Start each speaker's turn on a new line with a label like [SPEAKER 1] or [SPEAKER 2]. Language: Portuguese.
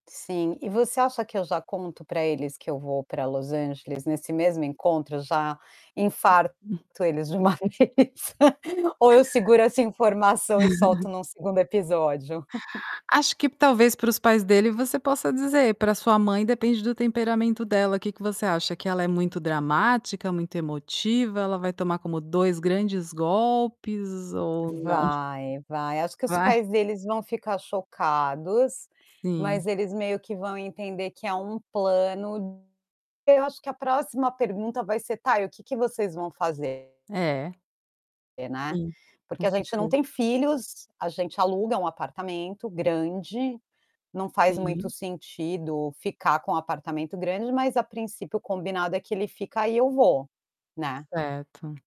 [SPEAKER 1] Sim. E você acha que eu já conto pra eles que eu vou pra Los Angeles nesse mesmo encontro, já infarto
[SPEAKER 2] Uhum.
[SPEAKER 1] eles de uma vez? Ou eu seguro essa informação e solto num 2º episódio?
[SPEAKER 2] Acho que talvez para os pais dele você possa dizer, pra sua mãe depende do temperamento dela, que que você acha? Que ela é muito dramática, muito emotiva, ela vai tomar como 2 grandes golpes ou não?
[SPEAKER 1] Vai, vai. Acho que os
[SPEAKER 2] Vai?
[SPEAKER 1] pais deles vão ficar chocados,
[SPEAKER 2] Sim.
[SPEAKER 1] mas eles meio que vão entender que é um plano eu acho que a próxima pergunta vai ser: "Tá, e o que que vocês vão fazer?"
[SPEAKER 2] É.
[SPEAKER 1] Porque, né.
[SPEAKER 2] Sim, com
[SPEAKER 1] Porque a gente não
[SPEAKER 2] certeza.
[SPEAKER 1] tem filhos, a gente aluga um apartamento grande, não faz muito
[SPEAKER 2] Sim.
[SPEAKER 1] sentido ficar com apartamento grande, mas a princípio o combinado é que ele fica e eu vou, né.
[SPEAKER 2] Certo.